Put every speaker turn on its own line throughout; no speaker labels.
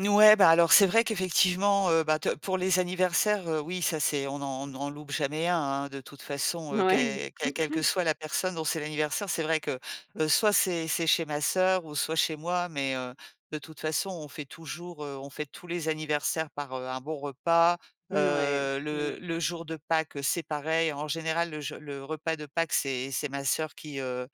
Mouais, bah alors c'est vrai qu'effectivement, heu bah, te pour les anniversaires, heu, oui, ça, c'est on n'en on n'en loupe jamais un, hein. De toute façon, heu,
Mouais.
que quelle quelle que soit la personne dont c'est l'anniversaire, c'est vrai que, heu, soit c'est c'est chez ma sœur ou soit chez moi. Mais, heu, de toute façon, on fait toujours heu, on fête tous les anniversaires par, heu, un bon repas.
Mouais.
Heu,
Mmh.
le le jour de Pâques, heu, c'est pareil. En général, le je le repas de Pâques, c'est c'est ma sœur qui, heu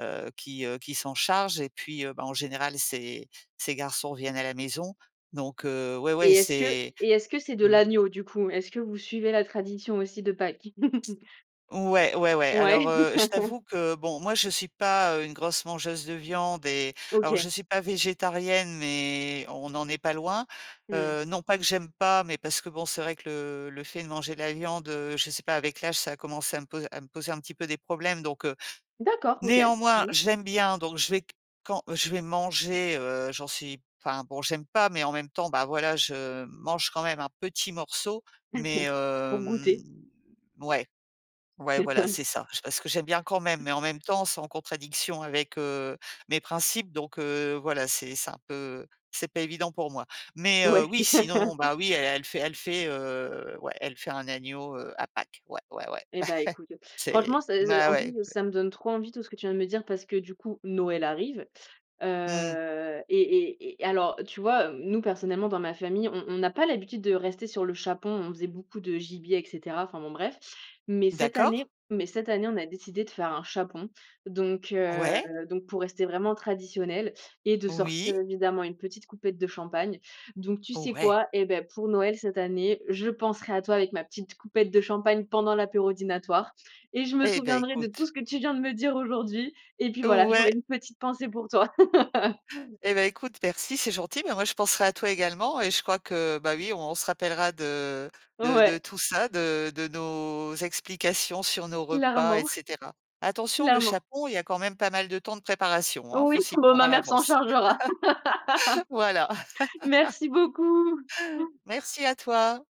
heu, qui, heu, qui s'en charge. Et puis, heu, bah, en général, ses ses garçons viennent à la maison. Donc, heu, ouais, ouais,
Et est-ce que
c'est mmh
et est-ce que c'est de l'agneau, du coup? Est-ce que vous suivez la tradition aussi de Pâques?
Ouais, ouais, ouais. Alors,
Ouais.
heu, je t'avoue que bon, moi, je suis pas, heu, une grosse mangeuse de viande et alors je
OK.
suis pas végétarienne, mais, on en est pas loin.
Mmh.
Heu, non pas que j'aime pas, mais parce que bon, c'est vrai que le le fait de manger la viande, heu, je sais pas, avec l'âge, ça a commencé à me pos à me poser un petit peu des problèmes. Donc, heu,
D'accord, OK.
néanmoins,
Mmh.
j'aime bien, donc je vais q quand je vais manger heu, j'en suis enfin bon, j'aime pas, mais en même temps, bah voilà, je mange quand même un petit morceau. Mais,
Pour
hem,
goûter.
mouais, ouais, voilà, c'est ça. J parce que j'aime bien quand même, mais en même temps, c’est en contradiction avec, heu, mes principes. Donc, heu, voilà, c'est c'est un peu c'est pas évident pour moi. Mais, heu,
Ouais.
oui, sinon bah oui, elle elle fait elle fait heu ouais, elle fait un agneau, heu, à Pâques. Ouais, ouais, ouais.
Eh, bah, écoute, heu,
C'est
franchement, ça ça
bah,
en plus,
ouais.
ça me donne trop envie, tout ce que tu viens de me dire, parce que du coup, Noël arrive.
Mmh.
Heu, et et et alors, tu vois, heu, nous personnellement dans ma famille, on on n'a pas l'habitude de rester sur le chapon. On faisait beaucoup de gibier et cetera. Enfin, bon, bref. Mais cette
D'accord.
année mais cette année on a décidé de faire un chapon. Donc, heu,
Ouais.
donc pour rester vraiment traditionnel, et de
Oui.
sortir évidemment une petite coupette de champagne. Donc, tu
Oh!
sais
Ouais!
quoi, eh beh, pour Noël cette année, je penserai à toi avec ma petite coupette de champagne pendant l'apéro dînatoire, et je me
Eh beh,
souviendrai de tout
écoute.
ce que tu viens de me dire aujourd'hui, et puis voilà,
Ouais!
j'aurais une petite pensée pour toi.
Eh beh, écoute, merci, c'est gentil. Mais moi, je penserai à toi également et je crois que bah oui, on se rappellera de de de
Ouais.
tout ça. De de nos explications sur nos repas, et
Clairement,
cetera. Attention, le
clairement.
chapon, il y a quand même pas mal de temps de préparation, hein,
Oui,
faut s'y
bon,
prendre à
ma mère s'en
l'avance.
chargera.
Voilà.
Merci beaucoup!
Merci à toi.